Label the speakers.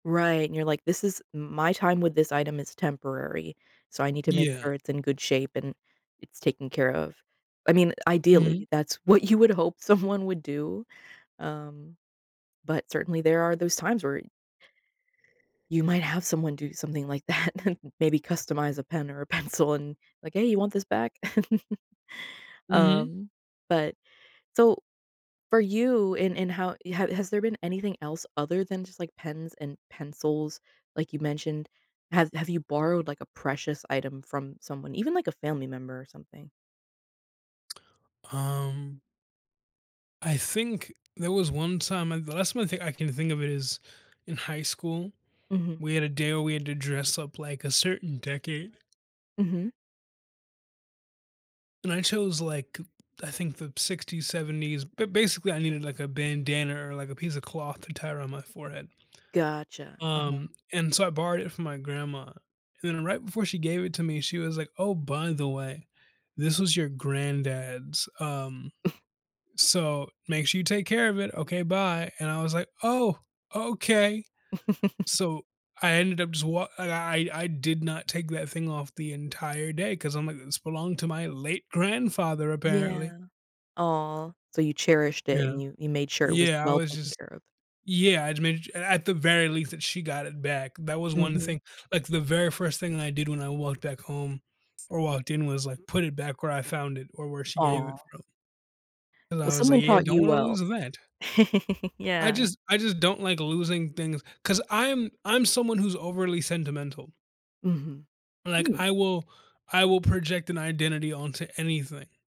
Speaker 1: Right, and you're like, "This is m my time with this item is temporary, so I need to make
Speaker 2: Yeah.
Speaker 1: sure it's in good shape, and it's taken care of." I mean,
Speaker 2: Mhm.
Speaker 1: ideally, that's what you would hope someone would do, um, but certainly there are those times where you might have someone do something like that, and maybe customize a pen or a pencil and, like, "Hey, you want this back?"
Speaker 2: Mhm.
Speaker 1: Um, but So, for you, and and how you ha has there been anything else other than just, like, pens and pencils, like, you mentioned? Have have you borrowed, like, a precious item from someone, even, like, a family member or something?
Speaker 2: Um I think there was one time and the last one I think I can think of it is in high school,
Speaker 1: Mhm.
Speaker 2: we had a day where we had to dress up like a certain decade.
Speaker 1: Mhm.
Speaker 2: And I chose, like, I think, the '60s, '70s, but basically, I needed, like, a bandana or, like, a piece of cloth to tie around my forehead
Speaker 1: Gotcha, uh-huh.
Speaker 2: um, and so, I borrowed it from my grandma, and then right before she gave it to me, she was, like, "Oh, by the way, this was your granddad's, um, so, make sure you take care of it, okay, bye," and I was, like, "Oh, okay." So, I ended up swa I I I did not take that thing off the entire day 'cause I'm like, "This belonged to my late grandfather, apparently."
Speaker 1: Yeah. Aw, so, you cherished
Speaker 2: You
Speaker 1: it, and
Speaker 2: know?
Speaker 1: you you made sure it was
Speaker 2: Yeah, I
Speaker 1: well
Speaker 2: was
Speaker 1: taken
Speaker 2: just
Speaker 1: care of.
Speaker 2: Yeah, I'd made it i at the very least that she got it back. That was one of the
Speaker 1: Mhm.
Speaker 2: thing like, the very first thing that I did when I walked back home or walked in was, like, put it back where I found it or where she gave it
Speaker 1: Aw.
Speaker 2: from. And
Speaker 1: Well,
Speaker 2: I was, like,
Speaker 1: someone
Speaker 2: "Yeah,
Speaker 1: taught
Speaker 2: don't
Speaker 1: you
Speaker 2: wanna lose
Speaker 1: well.
Speaker 2: that." I
Speaker 1: Yeah.
Speaker 2: just I just don't like losing things 'cause I'm I'm someone who's overly sentimental.
Speaker 1: Mhm.
Speaker 2: Like
Speaker 1: Mm.
Speaker 2: I will I will project an identity onto anything.